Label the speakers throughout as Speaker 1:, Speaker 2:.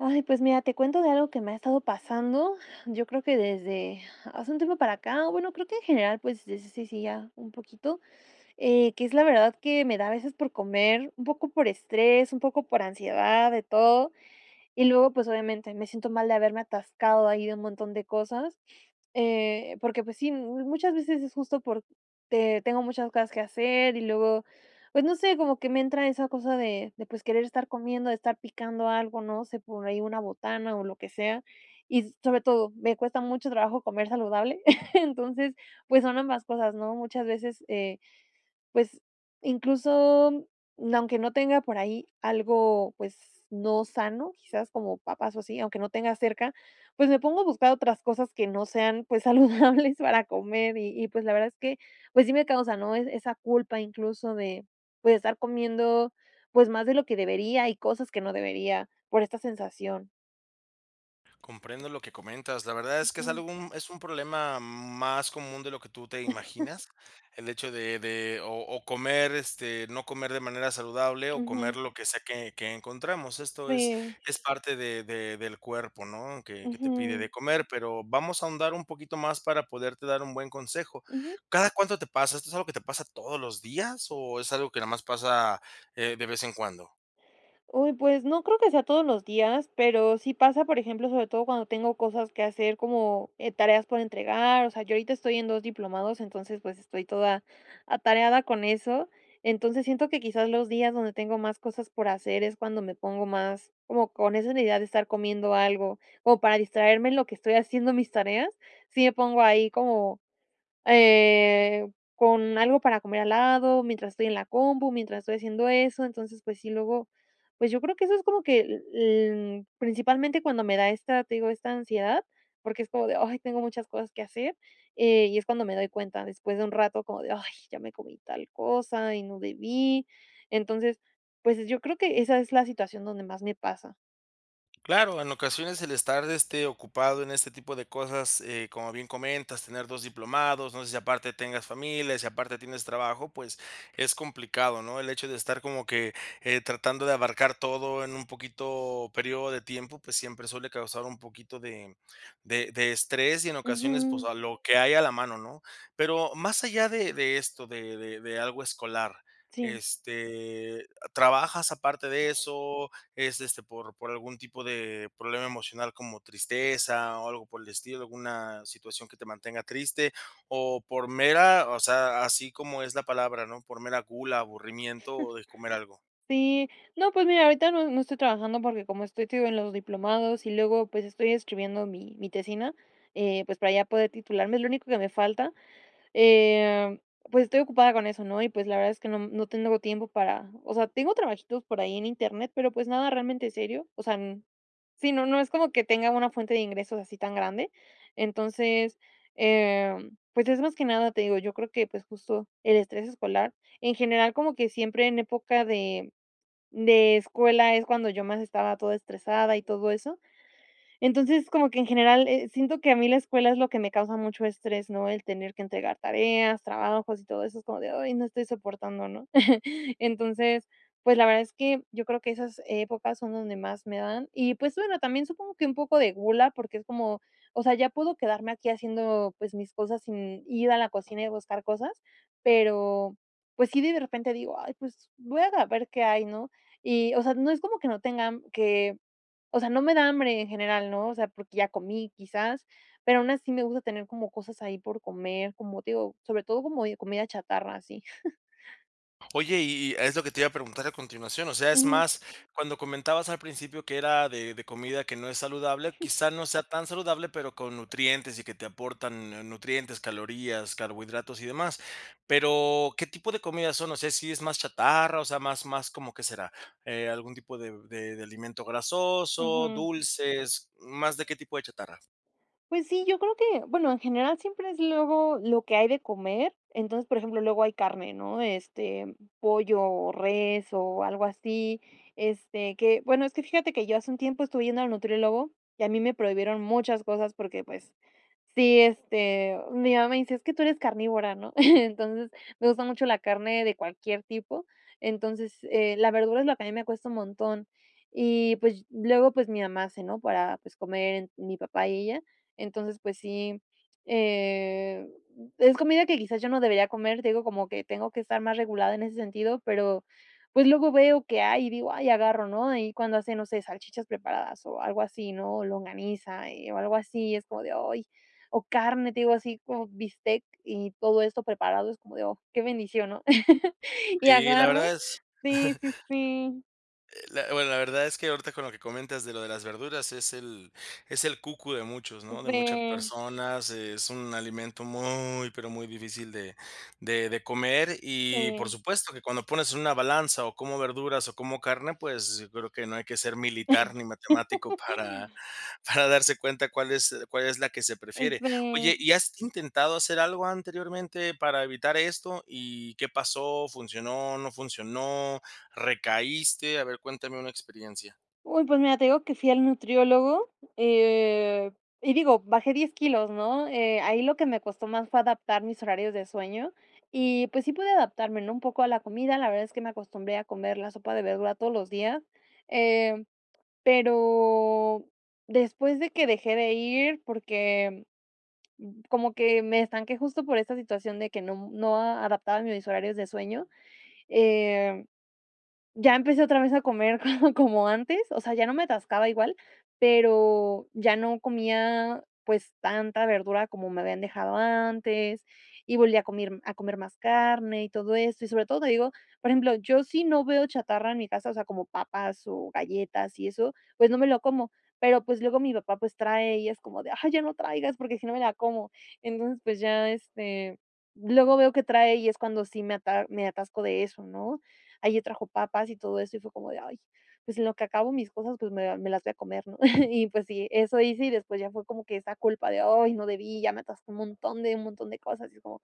Speaker 1: Ay, pues, mira, te cuento de algo que me ha estado pasando, yo creo que desde hace un tiempo para acá, bueno, creo que, en general, pues, desde sí, sí, ya un poquito, eh, que es la verdad que me da a veces por comer, un poco por estrés, un poco por ansiedad, de todo, y luego, pues, obviamente me siento mal de haberme atascado ahí de un montón de cosas, eh, porque, pues, sí, muchas veces es justo porque tengo muchas cosas que hacer, y luego, pues, no sé, como que me entra esa cosa de de pues querer estar comiendo, estar picando algo, ¿no? Se pone ahí una botana o lo que sea. Y, sobre todo, me cuesta mucho trabajo comer saludable, entonces, pues, son ambas cosas, ¿no? Muchas veces, eh, pues, incluso, mm, aunque no tenga por ahí algo, pues, no sano, quizás como papas o así, aunque no tenga cerca, pues, me pongo a buscar otras cosas que no sean, pues, saludables para comer, y y, pues, la verdad es que, pues, sí me causa, ¿no?, e esa culpa incluso de, pues, estar comiendo, pues, más de lo que debería y cosas que no debería por esta sensación.
Speaker 2: Comprendo lo que comentas, la verdad es que es
Speaker 1: Ujú.
Speaker 2: algo, mm, es un problema más común de lo que tú te imaginas, el hecho de de o o comer, este no comer de manera saludable, o comer
Speaker 1: Ujú.
Speaker 2: lo que sea que que encontramos. Esto es
Speaker 1: Sí.
Speaker 2: es parte de de del cuerpo, ¿no?, que que te pide de
Speaker 1: Ujú.
Speaker 2: comer, pero vamos a ahondar un poquito más para poderte dar un buen consejo.
Speaker 1: Ujú.
Speaker 2: ¿Cada cuánto te pasa? ¿Esto es algo que te pasa todos los días o es algo que nada más pasa, eh, de vez en cuando?
Speaker 1: Uy, pues, no creo que sea todos los días, pero sí pasa, por ejemplo, sobre todo cuando tengo cosas que hacer, como, eh, tareas por entregar, o sea, yo ahorita estoy en 2 diplomados, entonces, pues, estoy toda atareada con eso. Entonces, siento que quizás los días donde tengo más cosas por hacer es cuando me pongo más como con esa una idea de estar comiendo algo, o para distraerme en lo que estoy haciendo mis tareas, si me pongo ahí como, eh, con algo para comer al lado mientras estoy en la compu, mientras estoy haciendo eso. Entonces, pues, sí, luego, pues, yo creo que eso es como que l l principalmente cuando me da esta, te digo, esta ansiedad, porque es como de: "Ay, tengo muchas cosas que hacer", eh, y es cuando me doy cuenta, después de un rato, como de: "Ay, ya me comí tal cosa y no debí". Entonces, pues, eh, yo creo que esa es la situación donde más me pasa.
Speaker 2: Claro. En ocasiones, el estar, este, ocupado, en este tipo de cosas, eh, como bien comentas. Tener 2 diplomados, no sé si aparte tengas familia, si aparte tienes trabajo, pues, es complicado, ¿no? El hecho de estar, como que, eh, tratando de abarcar todo, en un poquito periodo de tiempo, pues, siempre suele causar un poquito de de de estrés, y en ocasiones, pues
Speaker 1: Ujú.
Speaker 2: a lo que hay a la mano, ¿no? Pero más allá de de esto, de de de algo escolar,
Speaker 1: Sí.
Speaker 2: este, ¿trabajas aparte de eso? Es, este, ¿por por algún tipo de problema emocional? como tristeza o algo por el estilo. Una situación que te mantenga triste. O por mera O sea, así como es la palabra, ¿no? Por mera gula, aburrimiento, o de comer algo.
Speaker 1: Sí. No, pues, mira, ahorita no no estoy trabajando, porque como estoy, te digo, en los diplomados, y luego, pues, estoy escribiendo mi mi tesina, eh, pues para ya poder titularme, es lo único que me falta. Em, pues, estoy ocupada con eso, ¿no? Y pues la verdad, es que no m no te no hubo tiempo para O sea, tengo trabajitos por ahí en internet, pero pues, nada realmente serio. O sea, n sí, no no es como que tenga una fuente de ingresos, así tan grande. Entonces, em pues, es más que nada, te digo, yo creo que, pues, justo el estrés escolar. En general, como que siempre en época de de escuela, es cuando yo más estaba toda estresada y todo eso. Entonces, como que en general, eh, siento que a mí, la escuela, es lo que me causa mucho estrés, ¿no? El tener que entregar tareas, trabajos y todo eso, es como de: "Ay no estoy soportando", ¿no? Entonces, pues, la verdad, es que, yo creo que esas épocas, son donde más me dan. Y, pues bueno, también, supongo que un poco de gula, porque es como o sea, ya puedo quedarme aquí haciendo, pues mis cosas sin ir a la cocina, y buscar cosas. Pero, pues sí, de de repente digo: "Ay, pues voy a ver qué hay", ¿no? Y, o sea, no es como que no tenga m que o sea, no me da hambre en general, ¿no? O sea, porque ya comí quizás, pero aún así me gusta tener como cosas ahí, por comer. Como te digo, sobre todo, como de comida chatarra, así.
Speaker 2: Oye, y y es lo que te iba a preguntar a continuación. O sea, es
Speaker 1: Ujú.
Speaker 2: más, cuando comentabas al principio que era de de comida que no es saludable, quizá no sea tan saludable, pero con nutrientes y que te aportan nu nutrientes, calorías, carbohidratos y demás. Pero, ¿qué tipo de comidas son? O sea, si es más chatarra, o sea, más más. ¿Cómo qué será? Eh, algún tipo de b de de alimento grasoso,
Speaker 1: Ujú.
Speaker 2: dulces, ¿más de qué tipo de chatarra?
Speaker 1: Pues sí, yo creo que, bueno, en general siempre es luego lo que hay de comer. Entonces, por ejemplo, luego hay carne, ¿no?, de, este, pollo o res o algo así. Este, que bueno, es que fíjate que yo hace un tiempo estuve yendo al nutriólogo y a mí me prohibieron muchas cosas porque, pues, sí, este, mi mamá me dice: "Es que tú eres carnívora", ¿no? Entonces, me gusta mucho la carne de cualquier tipo. Entonces, eh, la verdura es lo que a mí me cuesta un montón y, pues, ll luego, pues, mi mamá hace, ¿no?, para, pues, comer mi papá y ella. Entonces, pues, sí, eh, mm, es comida que quizás yo no debería comer, te digo, como que tengo que estar más regulada en ese sentido, pero, pues, luego veo que hay y digo: "Ay, agarro", ¿no?, ahí cuando hace, no sé, salchichas preparadas o algo así, ¿no? O longaniza, eh, o algo así, y es como de: "Ay", o carne, te digo, así como bistec y todo esto preparado, es como de: "Oh, qué bendición", ¿no? Y
Speaker 2: Sí, la
Speaker 1: agarro
Speaker 2: verdad es
Speaker 1: Sí, sí, sí.
Speaker 2: Eh, la bueno, la verdad es que ahorita con lo que comentas de lo de las verduras es el es el cucu de muchos,
Speaker 1: Un,
Speaker 2: ¿no? De muchas
Speaker 1: pre
Speaker 2: personas, es un alimento muy, pero muy difícil de de de comer, y por
Speaker 1: Sí.
Speaker 2: supuesto que cuando pones en una balanza o como verduras o como carne, pues, yo creo que no hay que ser militar ni matemático para para darse cuenta cuál es cuál es la que se
Speaker 1: Oh,
Speaker 2: prefiere.
Speaker 1: sí.
Speaker 2: Oye, ¿y has intentado hacer algo anteriormente para evitar esto? ¿Y qué pasó? ¿Funcionó? ¿No funcionó? ¿Recaíste? A ver, cuéntame una experiencia.
Speaker 1: Uy, pues mira, te digo que fui al nutriólogo, eh, y digo, bajé 10 kilos, ¿no? Eh, ahí lo que me costó más, fue adaptar mis horarios de sueño. Y, pues, sí pude adaptarme, ¿no?, un poco a la comida. La verdad, es que me acostumbré a comer la sopa de verdura, todos los días. Eh, pero después de que dejé de ir, porque como que me estanqué, justo por esta situación de que nom no adaptaba mis horarios de sueño. Eh, ya empecé otra vez a comer, co como antes. O sea, ya no me atascaba igual, pero ya no comía, pues, tanta verdura como me habían dejado antes. Y volví a comir A comer más carne y todo eso. Y sobre todo, te digo Por ejemplo, yo si no veo chatarra en mi casa, o sea, como papas o galletas, y eso, pues no me lo como. Pero pues, luego mi papá, pues trae, y es como de: "Ay, ya no traigas, porque si no, me la como". Entonces, pues ya este Luego veo que trae, y es cuando sí me ata me atasco de eso, ¿no? Ayer trajo papas y todo eso, y fue como de: "Ay, pues en lo que acabo mis cosas". Pues, me me las voy a comer, ¿no? Y pues sí, eso hice. Y después, ya fue como que esa culpa de: "Ay, no debí. Ya me atasqué un montón, de un montón de cosas". Y es como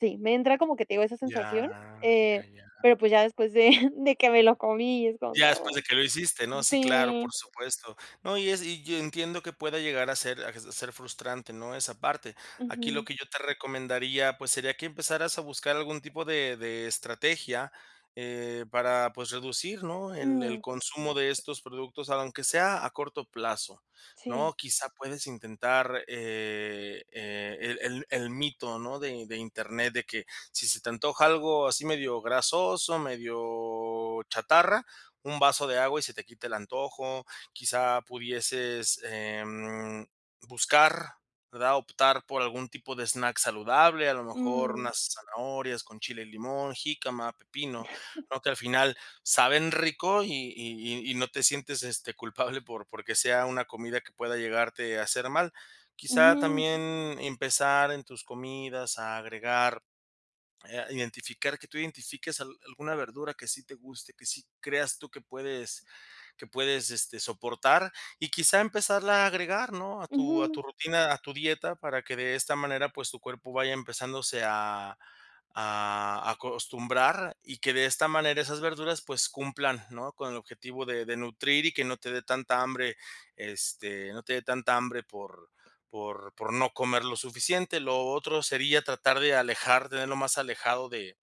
Speaker 1: Sí, me entra como que te digo, esa
Speaker 2: Ya,
Speaker 1: sensación, eh,
Speaker 2: ya, ya.
Speaker 1: pero pues ya después de de que me lo comí. Y es como:
Speaker 2: Ya después de
Speaker 1: "Oh".
Speaker 2: que lo hiciste, ¿no? Sí, claro,
Speaker 1: Sí.
Speaker 2: por supuesto. No, y es Y yo entiendo que pueda llegar a ser [unintelligible] a ser frustrante, ¿no?, esa parte. Aquí lo
Speaker 1: Ujú.
Speaker 2: que yo te recomendaría, pues sería que empezaras a buscar algún tipo de de estrategia, eh, para, pues, reducir, ¿no?, el el
Speaker 1: Mm.
Speaker 2: consumo de estos productos, aunque sea a corto plazo, ¿no?
Speaker 1: Sí.
Speaker 2: Quizá puedes intentar, e el e el el mito, ¿no? De de Internet, de que, si se te antoja algo así medio grasoso, medio chatarra, un vaso de agua y se te quita el antojo. Quizá pudieses, em, buscar, ¿verdad? Optar por algún tipo de snack saludable. A lo mejor
Speaker 1: Mm.
Speaker 2: unas zanahorias con chile y limón, jícama, pepino, ¿no? Que al final, saben rico y y y no te sientes, este, culpable por porque sea una comida que pueda llegarte a hacer mal. Quizá,
Speaker 1: Ujú.
Speaker 2: también empezar en tus comidas, a agregar Eh, a identificar. Que tú identifiques al alguna verdura, que sí te guste, que sí creas tú, que puedes que puedes, este, soportar. Y quizá, empezarla a agregar, ¿no?, a tu a
Speaker 1: Ujú.
Speaker 2: tu rutina, a tu dieta, para que de esta manera, pues tu cuerpo vaya empezándose a a acostumbrar. Y que de esta manera, esas verduras, pues cumplan, ¿no?, con el objetivo de de nutrir, y que no te de tanta hambre. Este, no te de tanta hambre por por por no comer lo suficiente. Lo otro, sería tratar de alejarte de Lo más alejado de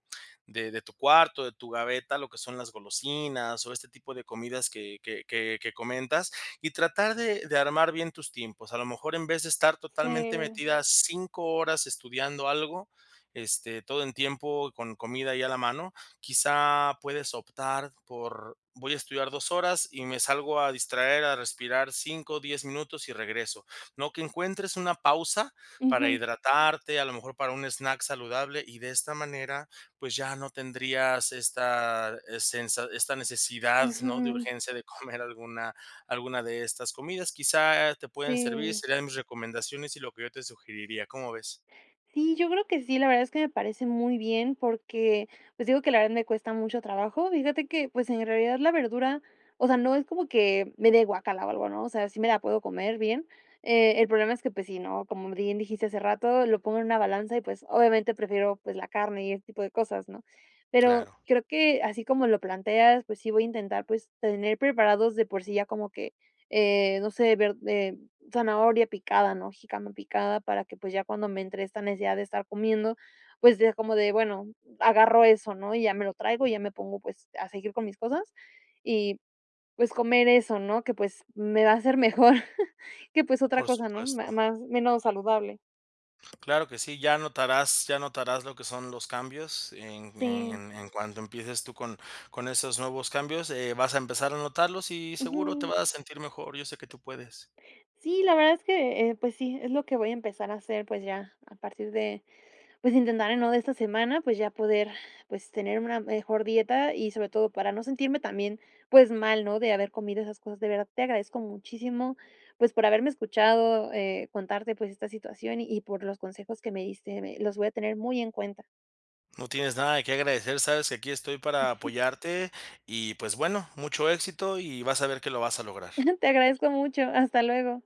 Speaker 2: de de tu cuarto, de tu gaveta, lo que son las golosinas, o este tipo de comidas, que que que que comentas. Y tratar de de armar bien tus tiempos. A lo mejor, en vez de estar totalmente
Speaker 1: Sí.
Speaker 2: metida, 5 horas estudiando algo, este, todo en tiempo y con comida ahí a la mano. Quizá puedes optar por: "Voy a estudiar 2 horas y me salgo a distraer, a respirar 5, 10 minutos, y regreso, ¿no? Que encuentres una pausa, para
Speaker 1: Ujú.
Speaker 2: hidratarte, a lo mejor para un snack saludable. Y de esta manera, pues ya no tendrías esta sensa Esta necesidad, ¿no?, de
Speaker 1: Ujú.
Speaker 2: urgencia de comer alguna alguna de estas comidas. Quizá te pueden servir.
Speaker 1: Sí.
Speaker 2: Serían mis recomendaciones y lo que yo te sugeriría. ¿Cómo ves?
Speaker 1: Sí. Sí, yo creo que sí, la verdad es que me parece muy bien porque, pues, digo que la verdad me cuesta mucho trabajo. Fíjate que, pues, en realidad la verdura, o sea, no es como que me dé de guácala o algo, ¿no? O sea, sí me la puedo comer bien. Eh, el problema es que, pues, sí, ¿no? Como b bien dijiste hace rato, lo pongo en una balanza y, pues, obviamente prefiero, pues, la carne y ese tipo de cosas, ¿no? Pero
Speaker 2: Claro.
Speaker 1: creo que así como lo planteas, pues, sí voy a intentar, pues, tener preparados de por sí ya como que, eh, no sé, verd eh, zanahoria picada, ¿no? Jícama picada para que, pues ya cuando me entre esta necesidad de estar comiendo, pues ya como de bueno, agarro eso, ¿no? Y ya me lo traigo y ya me pongo, pues a seguir con mis cosas y, pues, comer eso, ¿no? Que, pues, me va a hacer mejor, que, pues, otra
Speaker 2: Por
Speaker 1: cosa, ¿no?
Speaker 2: supuesto.
Speaker 1: Más menos saludable.
Speaker 2: Claro que sí. Ya notarás ya notarás lo que son los cambios, en en
Speaker 1: Sí.
Speaker 2: en en cuanto empieces tú, con con esos nuevos cambios eh, vas a empezar a notarlos. Y seguro te
Speaker 1: Ujú.
Speaker 2: vas a sentir mejor, yo sé que tú puedes.
Speaker 1: Sí, la verdad es que, pues sí, es lo que voy a empezar a hacer, pues ya, a partir de, pues intentar de nuevo de esta semana, pues ya poder, pues tener una mejor dieta y sobre todo para no sentirme también, pues mal, ¿no? De haber comido esas cosas. De verdad, te agradezco muchísimo, pues por haberme escuchado, eh, contarte, pues esta situación y por los consejos que me diste. Eh, los voy a tener muy en cuenta.
Speaker 2: No tienes nada de qué agradecer. Sabes que aquí estoy para apoyarte y, pues bueno, mucho éxito. Y vas a ver que lo vas a lograr.
Speaker 1: Te agradezco mucho, hasta luego.